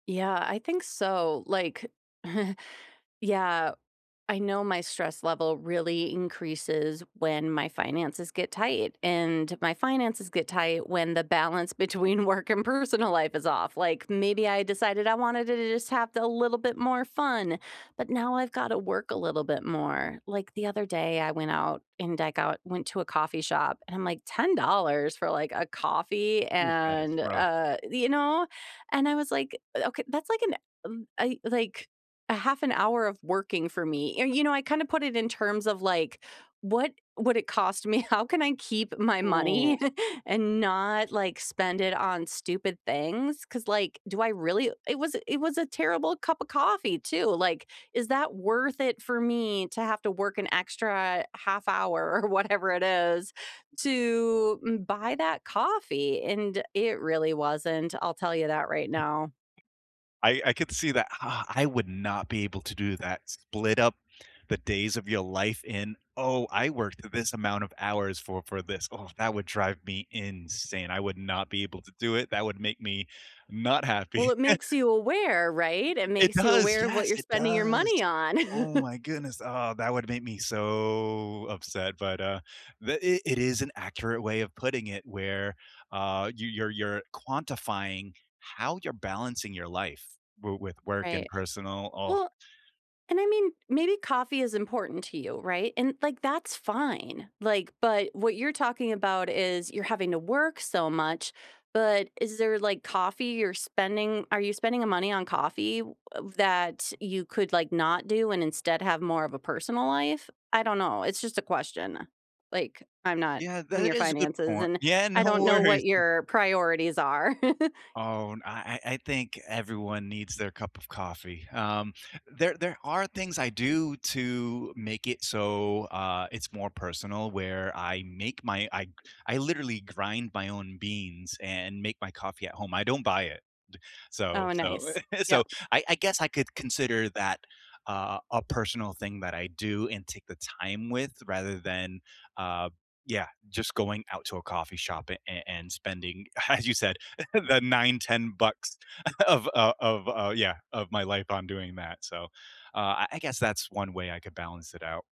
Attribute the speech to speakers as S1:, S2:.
S1: Yeah, I think so, like yeah, I know my stress level really increases when my finances get tight and my finances get tight when the balance between work and personal life is off, like, maybe I decided I wanted to just have a little bit more fun, but now I've got to work a little bit more. Like, the other day I went out and I got went to a coffee shop and I'm, like, "$10 for, like, a coffee
S2: Ooh, that is
S1: and,
S2: rough.
S1: uh, the" you know? And I was like, "Eh, okay, that's like an, um, I like, 1/2 an hour of working for me," or, you know, I kind of put it in terms of, like, what would it cost me, how can I keep my
S2: Ooh.
S1: money and not, like, spend it on stupid things, 'cause, like, do I really it was it was a terrible cup of coffee too, like, is that worth it for me to have to work an extra 1/2 hour or whatever it is to buy that coffee, and it really wasn't, I'll tell you that right now.
S2: I I could see that ah, I would not be able to do that, split up the days of your life in "Oh, I worked this amount of hours for for this." Oh, that would drive me insane, I would not be able to do it, that would make me not
S1: Well,
S2: happy.
S1: it makes you aware, right? It
S2: It
S1: makes you
S2: does,
S1: aware of what
S2: yes,
S1: you're
S2: it
S1: spending your
S2: does.
S1: money on.
S2: Oh my goodness, ah, that would make me so upset, but, uh, the it it is an accurate way of putting it where, uh, you you're you're quantifying how you're balancing your life w with work and
S1: Right.
S2: personal ugh.
S1: Well and I mean, maybe coffee is important to you, right, and, like, that's fine, like, but what you're talking about is you're having to work so much, but is there, like, coffee you're spending are you spending a money on coffee of that you could, like, not do and instead have more of a personal life? I don't know, it's just a question, like, I'm not
S2: Yeah,
S1: in
S2: that
S1: your
S2: is a good
S1: finances
S2: point
S1: and
S2: yeah,
S1: I
S2: no
S1: don't know
S2: worries.
S1: what your priorities are.
S2: Oh, and I I I think everyone needs their cup of coffee, um, there there are things I do to make it so, uh, it's more personal where I make my I I literally grind my own beans and make my coffee at home, I don't buy it, so
S1: Oh,
S2: so
S1: nice.
S2: so
S1: Yep.
S2: I I guess I could consider that, uh, a personal thing that I do and take the time with rather than, uh, yeah, just going out to a coffee shop a a and spending, as you said, the $9, $10 of, uh of, uh yeah, of my life on doing that, so, uh, I guess that's 1 way I could balance it out.